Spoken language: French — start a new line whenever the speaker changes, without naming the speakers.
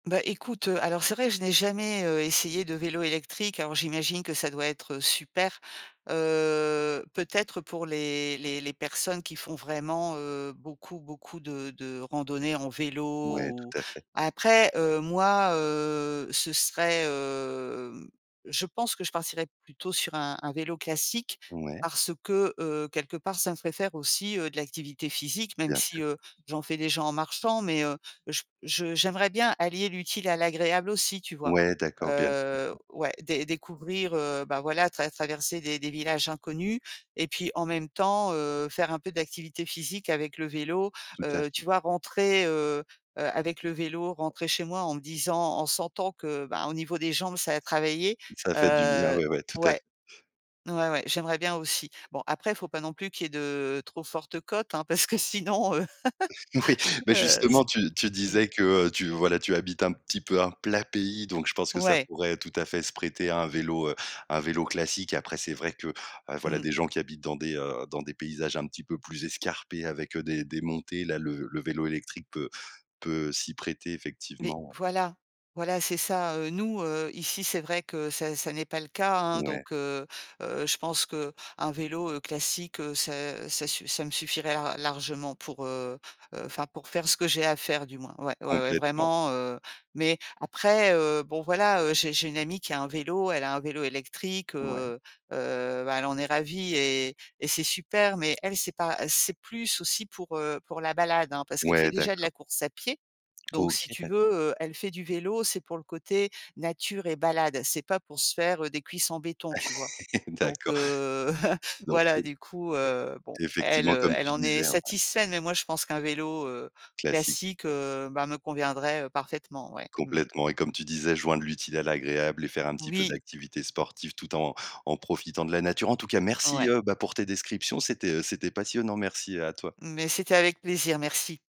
Bah, écoute, heu. Alors c'est vrai, je n'ai jamais, heu, essayé de vélo électrique, alors j'imagine que ça doit être, heu super. Heu, peut-être pour les les les personnes qui font vraiment, heu, beaucoup beaucoup de de randonnées en vélo
Ouais,
ou
tout à fait.
après, heu, moi, heu, ce serait, hem je pense que je partirais plutôt sur un un vélo classique
Ouais.
parce que, heu, quelque part, ça me ferait faire aussi, heu, de l'activité physique, même
Bien
si,
sûr.
heu, j'en fais déjà en marchant. Mais, heu, j je j'aimerais bien allier l'utile à l'agréable aussi, tu vois?
Ouais, d'accord, bien sûr.
Heu, ouais. Dé découvrir, heu, bah, voilà, trav traverser des des villages inconnus et puis en même temps, heu, faire un peu d'activité physique avec le vélo,
Tout à
heu,
fait.
tu vois? Rentrer, heu heu, avec le vélo, rentrer chez moi en me disant en sentant que, bah, au niveau des jambes, ça a travaillé.
Ça fait du bien,
Heu
ouais, ouais, tout à f
ouais. Ouais, ouais, j'aimerais bien aussi. Bon, après, il faut pas non plus qu'il y ait de, trop fortes côtes, hein, parce que sinon, heu.
Oui, bah,
Heu
justement, tu tu
mmh.
disais que, heu, tu voilà tu habites un petit peu un plat pays, donc je pense que ça
Ouais.
pourrait tout à fait se prêter à un vélo, heu un vélo classique. Après, c'est vrai que, heu, voilà,
Mmh.
les gens qui habitent dans des, heu dans des paysages un petit peu plus escarpés avec, heu, des des montées, là, le le vélo électrique peut peut s'y prêter
Mais
effectivement, ouais.
voilà. Voilà, c'est ça, heu. Nous, heu, ici, c'est vrai que ça ça n'est pas le cas, hein
Ouais.
donc, heu heu, je pense qu'un vélo, heu, classique, heu, ça ça suff ça me suffirait ar largement pour, heu heu, enfin pour faire ce que j'ai à faire du moins. Ouais. Ouais, ouais,
Complètement.
vraiment, heu, mais, après, heu, bon, voilà, heu, j'ai j'ai une amie qui a un vélo. Elle a un vélo électrique,
Ouais.
heu heu, bah, elle en est ravie et et c'est super mais elle c'est pas c'est plus aussi pour, heu, pour la balade, hein, parce qu'elle fait
Ouais,
déjà de
d'accord.
la course à pieds donc si
OK,
tu
d'accord.
veux, heu, elle fait du vélo, c'est pour le côté, nature et balade. C'est pas pour se faire, heu, des cuisses en béton, tu vois? Donc,
D'accord.
heu.
Donc,
Voilà,
heu
du coup, heu, bon. Elle,
Effectivement
heu,
comme
elle
tu
en est
disais. [unintelligible]
satisfaite, mais moi je pense qu'un vélo, heu,
Classi
classique, heu, bah, me conviendrait, heu, parfaitement. Ouais. Mmh mh.
Complètement et comme tu disais, joindre l'utile à l'agréable et faire un petit peu
Oui.
d'activités sportives tout en en profitant de la nature. En tout cas merci,
Ouais.
heu, bah, pour tes descriptions, c'était, heu c'était passionnant. Merci à toi.
Mais c'était avec plaisir, merci.